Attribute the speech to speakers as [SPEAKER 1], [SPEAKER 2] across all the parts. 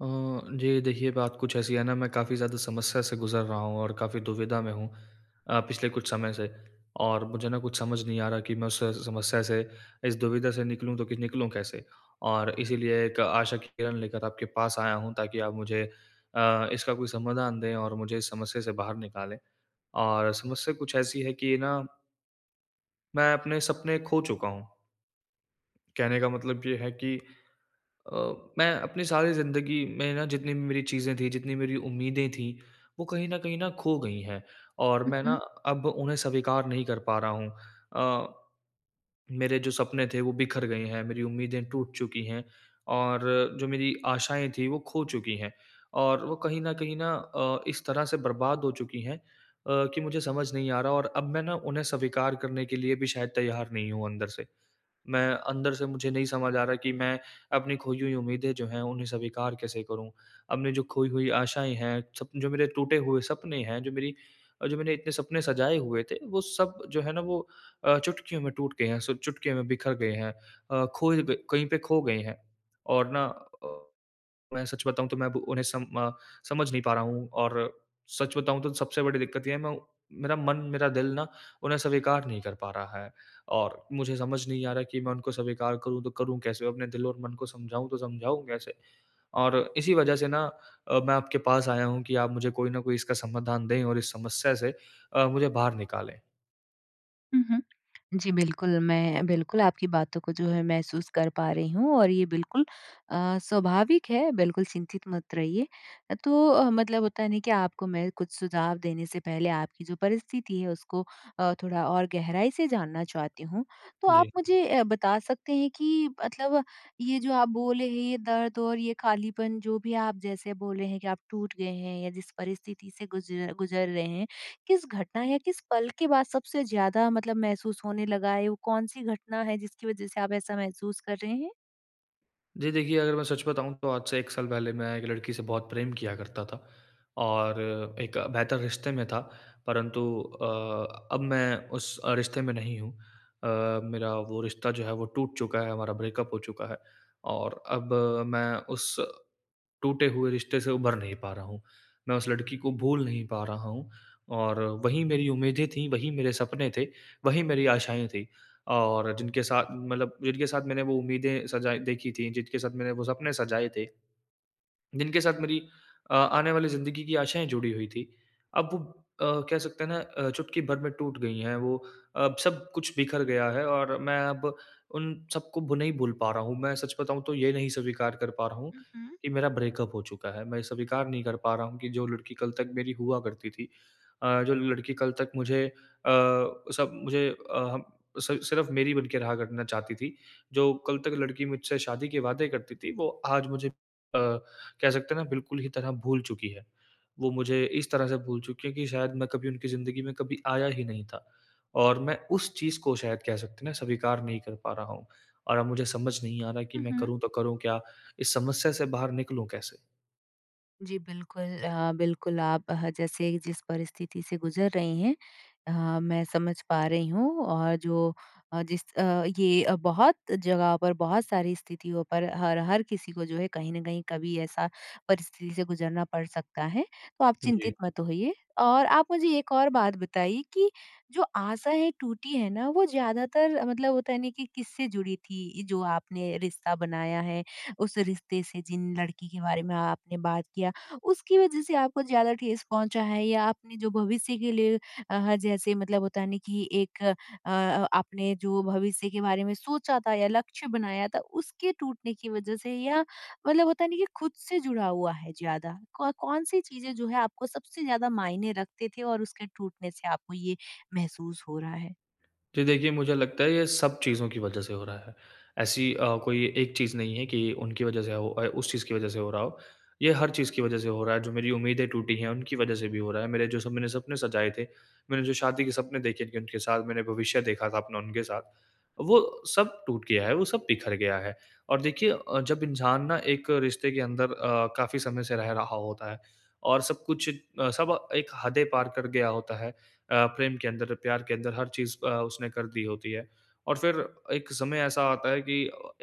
[SPEAKER 1] अ, जी देखिए, बात कुछ ऐसी है ना मैं काफ़ी ज़्यादा समस्या से गुज़र रहा हूँ और काफ़ी दुविधा में हूँ अ, पिछले कुछ समय से। और मुझे ना कुछ समझ नहीं आ रहा कि मैं उस स समस्या से, इस दुविधा से निकलूँ तो कि निकलूँ कैसे? और इसलिए एक आशा की किरण लेकर आपके पास आया हूँ ताकि आप मुझे अ, इसका कोई समाधान दें और मुझे इस समस्या से बाहर निकालें और समस्या कुछ ऐसी है कि ना मैं अपने सपने खो चुका हूँ। कहने का मतलब ये है कि अ, मैं अपनी सारी ज़िंदगी में ना जितनी भी मेरी चीज़ें थी, जितनी मेरी उम्मीदें थी वो कहीं न कहीं न खो गई हैं और
[SPEAKER 2] हुँ,
[SPEAKER 1] मैं ना
[SPEAKER 2] हुँ।
[SPEAKER 1] अब उन्हें स्वीकार नहीं कर पा रहा हूँ। अ, मेरे जो सपने थे वो बिखर गए हैं, मेरी उम्मीदें टूट चुकी हैं और जो मेरी आशाएँ थीं वो खो चुकी हैं। और वो कहीं न कहीं न अ, इस तरह से बर्बाद हो चुकी हैं अ, कि मुझे समझ नहीं आ रहा और अब मैं ना उन्हें स्वीकार करने के लिए भी शायद तैयार नहीं हूँ अंदर से। मैं अंदर से मुझे नहीं समझ आ रहा कि मैं अपनी खोई हुई उम्मीदें जो हैं उन्हें स्वीकार कैसे करूँ? अपनी जो खोई हुई आशाएँ हैं, सप जो मेरे टूटे हुए सपने हैं जो मेरी जो मैनें इतने सपने सजाए हुए थे वो सब जो है ना वो अ, चुटकियों में टूट गए हैं सब चुटकियों में बिखर गए हैं। अ, खोए गए कहीं पे खो गए हैं। और ना अ, मैं सच बताऊँ तो मैं अब उन्हें सम अ, समझ नहीं पा रहा हूँ। और सच बताऊँ तो सबसे बड़ी दिक्कत ये है मैं मेरा मन, मेरा दिल ना उन्हें स्वीकार नहीं कर पा रहा है। और मुझे समझ नहीं आ रहा कि मैं उनको स्वीकार करूँ तो करूँ कैसे? अपने दिल और मन को समझाऊँ तो समझाऊँ कैसे? और इसी वजह से ना अ, मैं अ, आपके पास आया हूँ कि आप मुझे कोई न कोई इसका समाधान दें और इस समस्या से अ, मुझे बाहर निकालें।
[SPEAKER 2] हुँ, हुँ। जी बिल्कुल, मैं बिल्कुल आपकी बातों को जो है, महसूस कर पा रही हूँ और ये बिल्कुल अ, स्वाभाविक है, बिल्कुल चिंतित मत रहिए। तो अ, मतलब होता है ना कि आपको मैं कुछ सुझाव देने से पहले आपकी जो परिस्थिति है, उसको अ, थोड़ा और गहराई से जानना चाहती हूँ। तो आप
[SPEAKER 1] जी।
[SPEAKER 2] मुझे ए बता सकते हैं कि मतलब ये जो आप बोले हैं, ये दर्द और ये खालीपन, जो भी आप जैसे बोले हैं कि आप टूट गए हैं या जिस परिस्थिति से गुज़ गुज़र रहे हैं, किस घटना या किस पल के बाद सबसे ज़्यादा मतलब महसूस होने लगा है? वो कौन-सी घटना है, जिसकी वज़ह से आप ऐसा महसूस कर रहे हैं?
[SPEAKER 1] जी देखिए, अगर मैं सच बताऊँ, तो आज से 1 साल पहले मैं एक लड़की से बहुत प्रेम किया करता था और एक बेहतर रिश्ते में था। परंतु अ, अब मैं उस रिश्ते में नहीं हूँ। अ, मेरा वो रिश्ता जो है, वो टूट चुका है, हमारा ब्रेकअप हो चुका है और अब मैं उस टूटे हुए रिश्ते से उभर नहीं पा रहा हूँ। मैं उस लड़की को भूल नहीं पा रहा हूँ और वही मेरी उम्मीदें थीं, वही मेरे सपने थे, वही मेरी आशाएँ थी और जिनके साथ मतलब जिनके साथ मैंने वो उम्मीदें सजाई देखी थीं, जिनके साथ मैंने वो सपने सजाए थे, जिनके साथ मेरी अ, आने वाली ज़िंदगी की आशाएँ जुड़ी हुई थीं, अब वो अ, कह सकते हैं ना अ, चुटकी भर में टूट गई हैं। वो अब सब कुछ बिख़र गया है और मैं अब उन सबको भू नहीं भूल पा रहा हूँ। मैं सच बताऊँ, तो ये नहीं स्वीकार कर पा रहा हूँ
[SPEAKER 2] हुँ, हुँ।
[SPEAKER 1] कि मेरा ब्रेकअप हो चुका है। मैं स्वीकार नहीं कर पा रहा हूँ कि जो लड़की कल तक मेरी हुआ करती थी अ, जो लड़की कल तक मुझे अ, सब मुझे अ अ, सि सिर्फ़ मेरी बन के रहा करना चाहती थी, जो कल तक लड़की मुझसे शादी के वादे करती थी, वो आज मुझे अ, कह सकते हैं ना, बिल्कुल ही तरह भूल चुकी है। वो मुझे इस तरह से भूल चुकी है कि शायद मैं कभी उनकी ज़िंदगी में कभी आया ही नहीं था और मैं उस चीज़ को, शायद कह सकते हैं ना, स्वीकार नहीं कर पा रहा हूँ और अब मुझे समझ नहीं आ रहा कि
[SPEAKER 2] हुँ,
[SPEAKER 1] मैं
[SPEAKER 2] हुँ।
[SPEAKER 1] करूँ तो करूँ क्या? इस समस्या से बाहर निकलूँ कैसे?
[SPEAKER 2] जी, बिल्कुल, अ, बिल्कुल, आप ह जैसे जिस परिस्थिति से गुज़र रही हैं अ, मैं समझ पा रही हूँ। और जो अ, जिस अ, ये बहुत जगहों पर बहुत सारी स्थितियों पर हर हर किसी को जो है कहीं न कहीं कभी ऐसा परिस्थिति से गुज़रना पड़ सकता है, तो आप चिंतित
[SPEAKER 1] जी।
[SPEAKER 2] मत होइए, और आप मुझे एक और बात बताइए कि जो आशा है टूटी है ना वो ज़्यादातर मतलब होता है नहीं कि किससे जुड़ी थी जो आपने रिश्ता बनाया है, उस रिश्ते से, जिन लड़की के बारे में आपने बात किया, उसकी वजह से आपको ज़्यादा ठेस पहुँचा है या आपने जो भविष्य के लिए अ, ह जैसे मतलब होता है नहीं कि एक अ, आपने जो भविष्य के बारे में सोचा था या लक्ष्य बनाया था उसके टूटने की वजह से या, मतलब होता नहीं कि ख़ुद से जुड़ा हुआ है ज़्यादा, कौन कौन सी चीज़ें जो हैं आपको सबसे ज़्यादा मायने रखते थे और उसके टूटने से आपको ये महसूस हो रहा है।
[SPEAKER 1] जी देखिए मुझे लगता है ये सब चीज़ों की वजह से हो रहा है। ऐसी अ, कोई एक चीज़ नहीं है कि उनकी वजह से हो अ, उस चीज़ की वजह से हो रहा हो। ये हर चीज़ की वजह से हो रहा है, जो मेरी उम्मीदें टूटी हैं उनकी वजह से भी हो रहा है। मेरे जो सपने सपने सजाए थे, मैंने जो शादी के सपने देखे उनके साथ मैंने भविष्य देखा था अपना उनके साथ, वो सब टूट गया है, वो सब बिखर गया है। और देखिए अ, जब इंसान ना एक रिश्ते के अंदर अ, काफ़ी समय से रह रहा होता है, और सब कुछ अ, सब एक हदें पार कर गया होता है, अ, प्रेम के अंदर, प्यार के अंदर हर चीज़ अ, उसने कर दी होती है। और फ़िर एक समय ऐसा आता है कि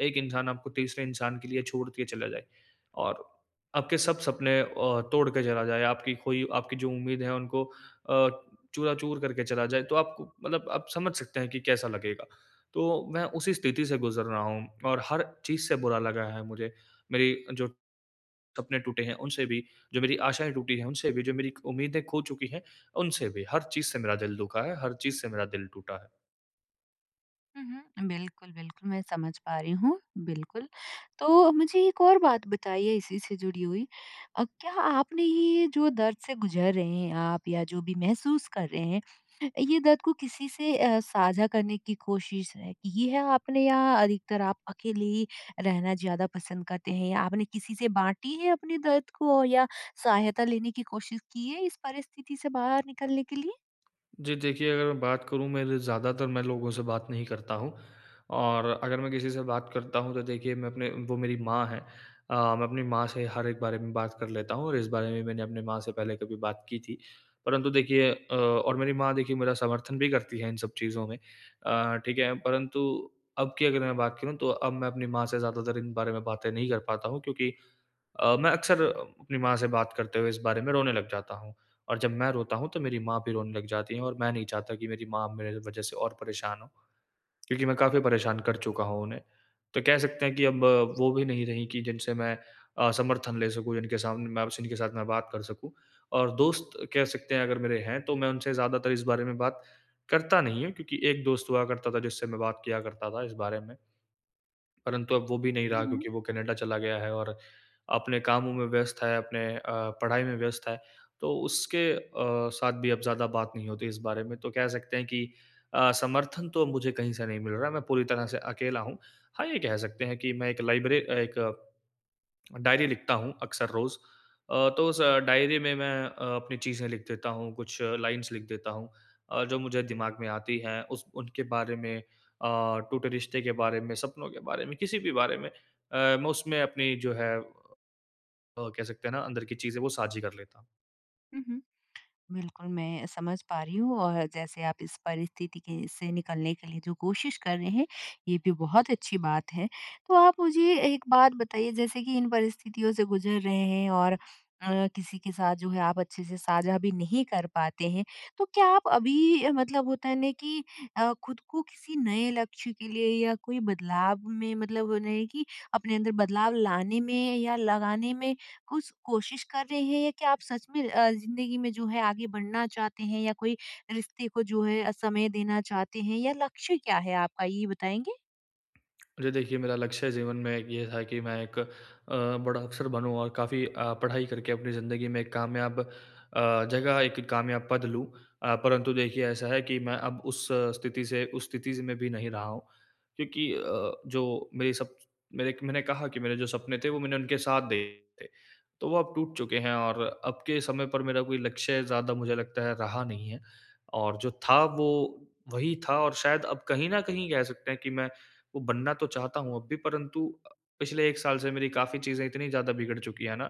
[SPEAKER 1] एक इंसान आपको तीसरे इंसान के लिए छोड़ के चला जाए, और आपके सब सपने अ, तोड़ के चला जाए, आपकी खोई आपकी जो उम्मीदें है उनको अ, चूरा-चूर करके चला जाए तो आप को मतलब आप समझ सकते हैं कि कैसा लगेगा। तो मैं उसी स्थिति से गुज़र रहा हूँ, और हर चीज़ से बुरा लगा है मुझे, मेरी जो सपने टूटे हैं उनसे भी, जो मेरी आशाएँ टूटी हैं उनसे भी, जो मेरी उम्मीदें खो चुकी है उनसे भी, हर चीज़ से मेरा दिल दुखा है, हर चीज़ से मेरा दिल टूटा है।
[SPEAKER 2] हुँ, हुँ। बिल्कुल, बिल्कुल मैं समझ पा रही हूँ, बिल्कुल। तो मुझे एक और बात बताइए इसी से जुड़ी हुई। अ, क्या आपने ये जो दर्द से गुज़र रहे हैं आप या जो भी महसूस कर रहे हैं, अ, ये दर्द को किसी से अ, साझा करने की कोशिश की है आपने? या अधिकतर आप अकेले ही रहना ज़्यादा पसंद करते हैं? या आपने किसी से बाँटी है अपने दर्द को? या सहायता लेने की कोशिश की है इस परिस्थिति से बाहर निकलने के लिए?
[SPEAKER 1] जी। देखिए, अगर मैं बात करूँ मेरे ज़्यादातर मैं लोगों से बात नहीं करता हूँ। और अगर मैं किसी से बात करता हूँ तो देखिए मैं अपने वो मेरी माँ हैं। अ, मैं अपनी माँ से हर एक बारे में बात कर लेता हूँ और इस बारे में मैंने अपनी माँ से पहले कभी बात की थी। परंतु देखिए अ, और मेरी माँ देखिए मेरा समर्थन भी करती हैं इन सब चीज़ों में। अ, ठीक है। परंतु अब की अगर मैं बात करूँ तो अब मैं अपनी माँ से ज़्यादातर इन बारे में बातें नहीं कर पाता हूँ क्योंकि अ, मैं अक्सर अपनी माँ से बात करते हुए इस बारे में रोने लग जाता हूँ। और जब मैं रोता हूँ तो मेरी माँ भी रोने लग जाती हैं। और मैं नहीं चाहता कि मेरी माँ मेरे वज़ह से और परेशान हो, क्योंकि मैं काफ़ी परेशान कर चुका हूँ उन्हें। तो कह सकते हैं कि अब वो भी नहीं रहीं कि जिनसे मैं अ, समर्थन ले सकूँ, जिनके सामने मैं जिनके साथ मैं बात कर सकूँ। और दोस्त कह सकते हैं अगर मेरे हैं तो मैं उनसे ज़्यादातर इस बारे में बात करता नहीं हूँ क्योंकि एक दोस्त हुआ करता था जिससे मैं बात किया करता था इस बारे में। परंतु अब वो भी नहीं
[SPEAKER 2] हुँ,
[SPEAKER 1] रहा
[SPEAKER 2] हुँ।
[SPEAKER 1] क्योंकि वो कनाडा चला गया है और अपने कामों में व्यस्त है, अपने अ, पढ़ाई में व्यस्त है। तो उसके अ, साथ भी अब ज़्यादा बात नहीं होती इस बारे में। तो कह सकते हैं कि अ, समर्थन तो मुझे कहीं से नहीं मिल रहा है, मैं पूरी तरह से अकेला हूँ। हाँ, ये कह सकते हैं कि मैं एक लाइब्रे अ, एक, डायरी लिखता हूँ अक्सर रोज़। अ, तो उस डायरी में मैं अ, अपनी चीज़ें लिख देता हूँ, कुछ लाइन्स लिख देता हूँ अ, जो मुझे दिमाग में आती हैं। उस उनके बारे में अ, टूटे रिश्ते के बारे में, सपनों के बारे में, किसी भी बारे में। अ, मैं उसमें अपनी जो है अ, कह सकते हैं ना अंदर की चीज़ें वो साझी कर लेता हूँ।
[SPEAKER 2] हुँ, हुँ। बिल्कुल मैं समझ पा रही हूँ और जैसे आप इस परिस्थिति के से निकलने के लिए जो कोशिश कर रहे हैं ये भी बहुत अच्छी बात है। तो आप मुझे एक बात बताइए जैसे कि इन परिस्थितियों से गुजर रहे हैं और अ, किसी के साथ जो है आप अच्छे से साझा भी नहीं कर पाते हैं तो क्या आप अभी अ, मतलब होता है ना कि अ, खुद को किसी नए लक्ष्य के लिए या कोई बदलाव में मतलब नहीं है कि अपने अंदर बदलाव लाने में या लगाने में कुछ कोशिश कर रहे हैं? क्या आप सच में अ, ज़िंदगी में जो है आगे बढ़ना चाहते हैं या कोई रिश्ते को जो है अ, समय देना चाहते हैं या लक्ष्य क्या है आपका ये बताएँगे?
[SPEAKER 1] जी देखिए, मेरा लक्ष्य जीवन में एक ये था कि मैं एक अ, बड़ा अफ़सर बनूँ और काफ़ी अ, पढ़ाई करके अपनी ज़िंदगी में एक कामयाब अ, जगह एक कामयाब पद लूँ। अ, परंतु देखिए ऐसा है कि मैं अब उस अ, स्थिति से उस स्थिति में भी नहीं रहा हूँ क्योंकि अ, जो मेरे सब मेरे क मैंने कहा कि मेरे जो सपने थे वो मैंने उनके साथ देखे थे तो वो अब टूट चुके हैं और अब के समय पर मेरा कोई लक्ष्य ज़्यादा मुझे लगता है रहा नहीं है। और जो था वो वही था और शायद अब कहीं न कहीं कह सकते हैं कि मैं वो बनना तो चाहता हूँ अब भी परंतु अ, पिछले 1 साल से मेरी काफ़ी चीज़ें इतनी ज़्यादा बिगड़ चुकी है ना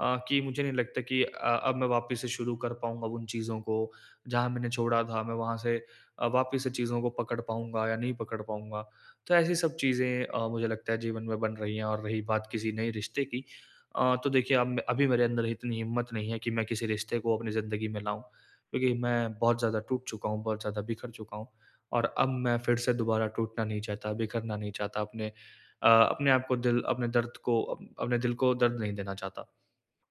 [SPEAKER 1] अ, कि मुझे नहीं लगता कि अ, अब मैं वापस से शुरू कर पाऊँगा उन चीज़ों को। जहाँ मैंने छोड़ा था, मैं वहाँ से अ, वापस से चीज़ों को पकड़ पाऊँगा या नहीं पकड़ पाऊँगा? तो ऐसी सब चीज़ें अ, मुझे लगता है जीवन में बन रही है। और रही बात किसी नए रिश्ते की अ, तो देखिए अब अभी मेरे अंदर इतनी हिम्मत नहीं है कि मैं किसी रिश्ते को अपनी ज़िन्दगी में लाऊँ। क्योंकि मैं बहुत ज़्यादा टूट चुका हूँ, बहुत ज़्यादा बिखर चुका हूँ और अब मैं फिर से दोबारा टूटना नहीं चाहता, बिखरना नहीं चाहता अपने अ, अपने आपको दिल अपने दर्द को अ, अपने दिल को दर्द नहीं देना चाहता।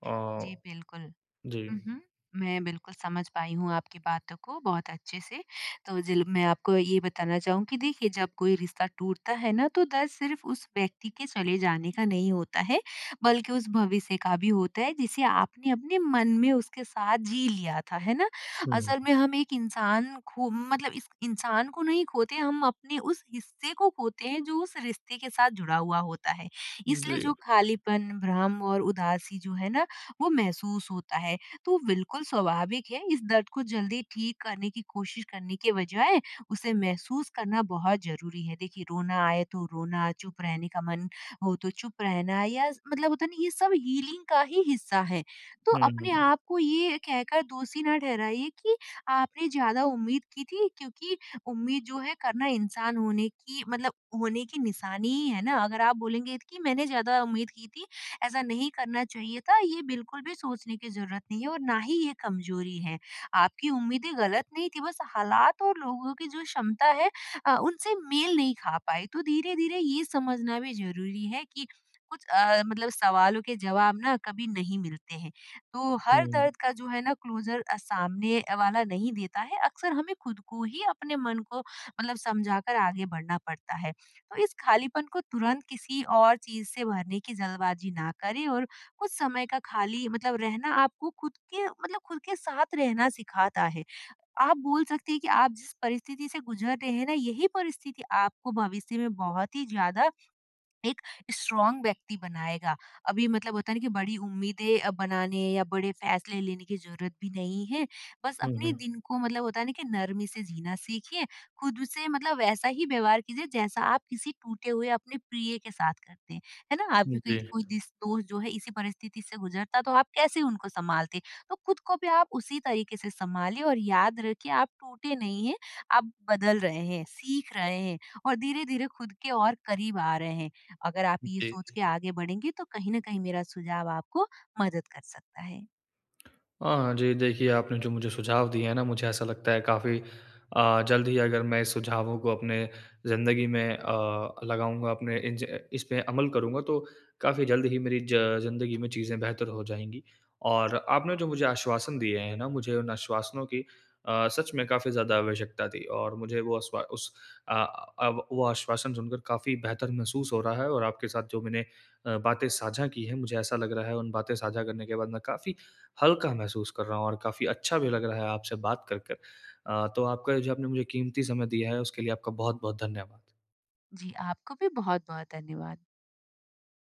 [SPEAKER 1] अ,
[SPEAKER 2] जी, बिल्कुल।
[SPEAKER 1] जी।
[SPEAKER 2] हुँ, हुँ। मैं बिल्कुल समझ पाई हूँ आपकी बातों को बहुत अच्छे से तो जील मैं आपको ये बताना चाहूँगी देखिए जब कोई रिश्ता टूटता है ना तो दर्द सिर्फ उस व्यक्ति के चले जाने का नहीं होता है बल्कि उस भविष्य का भी होता है जिसे आपने अपने मन में उसके साथ जी लिया था। है ना?
[SPEAKER 1] हुँ।
[SPEAKER 2] असल में हम एक इंसान खो मतलब इस इंसान को नहीं खोते हम अपने उस हिस्से को खोते हैं जो उस रिश्ते के साथ जुड़ा हुआ होता है। इसलिए जो
[SPEAKER 1] जी।
[SPEAKER 2] खालीपन, भ्रम और उदासी जो है ना वो महसूस होता है तो बिल्कुल स्वाभाविक है इस दर्द को जल्दी ठीक करने की कोशिश करने के बजाय उसे महसूस करना बहुत ज़रूरी है। देखिए रोना आए तो रोना, चुप रहने का मन हो तो चुप रहना या मतलब होता है ना ये सब हीलिंग का ही हिस्सा है। तो अपने
[SPEAKER 1] हुँ।
[SPEAKER 2] आप को ये कहकर दोषी ना ठहराइए कि आपने ज़्यादा उम्मीद की थी क्योंकि उम्मीद जो है करना इंसान होने की मतलब होने की निशानी है ना? अगर आप बोलेंगे की मैंने ज़्यादा उम्मीद की थी ऐसा नहीं करना चाहिए था ये बिल्कुल भी सोचने की ज़रूरत नहीं है और ना ही ये कमजोरी है। आपकी उम्मीदें गलत नहीं थी बस हालात और लोगों की जो क्षमता है अ, उनसे मेल नहीं खा पाई। तो धीरे-धीरे ये समझना भी ज़रूरी है कि कुछ अ, मतलब सवालों के जवाब ना कभी नहीं मिलते हैं। तो हर
[SPEAKER 1] हुँ।
[SPEAKER 2] दर्द का जो है ना क्लोजर अ, सामने अ, वाला नहीं देता है अक्सर हमें खुद को ही अपने मन को मतलब समझाकर आगे बढ़ना पड़ता है। तो इस खालीपन को तुरंत किसी और चीज़ से भरने की जल्दबाज़ी ना करें और कुछ समय का खाली मतलब रहना आपको खुद के मतलब खुद के साथ रहना सिखाता है। आप बोल सकते हैं कि आप जिस परिस्थिति से गुजर रहे हैं ना यही परिस्थिति आपको भविष्य में बहुत ही ज़्यादा एक स्ट्राँग व्यक्ति बनाएगा। अभी मतलब होता है ना कि बड़ी उम्मीदें अ, बनाने या बड़े फ़ैसले लेने की ज़रूरत भी नहीं है बस
[SPEAKER 1] हुँ,
[SPEAKER 2] अपनी
[SPEAKER 1] हुँ।
[SPEAKER 2] दिन को मतलब होता है ना कि नरमी से जीना सीखिए, खुद से मतलब वैसा ही व्यवहार कीजिए जैसा आप किसी टूटे हुए अपने प्रिय के साथ करते हैं। है ना? आपकी
[SPEAKER 1] जी।
[SPEAKER 2] कोई को दीस दोस्त जो है इसी परिस्थिति से गुजरता तो आप कैसे उनको सँभालते? तो खुद को भी आप उसी तरीके से सँभालिए और याद रखिए आप टूटे नहीं हैं आप बदल रहे हैं सीख रहे हैं। और धीरे-धीरे खुद के और करीब आ रहे हैं। अगर आप ये
[SPEAKER 1] जी।
[SPEAKER 2] सोच के आगे बढ़ेंगी तो कहीं न कहीं मेरा सुझाव आपको मदद कर सकता है।
[SPEAKER 1] हाँ जी, देखिए आपने जो मुझे सुझाव दिए हैं ना मुझे ऐसा लगता है काफ़ी अ, जल्द ही अगर मैं सुझावों को अपने ज़िंदगी में अ, लगाऊँगा अपने इन ज इस में अमल करूँगा तो काफ़ी जल्द ही मेरी ज ज़िंदगी में चीज़ें बेहतर हो जाएँगी। और आपने जो मुझे आश्वासन दिए हैं ना मुझे उन आश्वासनों की अ, सच में काफ़ी ज़्यादा आवश्यकता थी। और मुझे वो अश्वा उस अ, अब वो आश्वासन सुनकर काफ़ी बेहतर महसूस हो रहा है और आपके साथ जो मैंने अ, बातें साझा की हैं, मुझे ऐसा लग रहा है उन बातें साझा करने के बाद मैं काफ़ी हल्का महसूस कर रहा हूँ और काफ़ी अच्छा भी लग रहा है आपसे बात करकर। अ, तो आपका ये जो आपने मुझे कीमती समय दिया है उसके लिए आपका बहुत-बहुत धन्यवाद।
[SPEAKER 2] जी, आपको भी बहुत-बहुत धन्यवाद।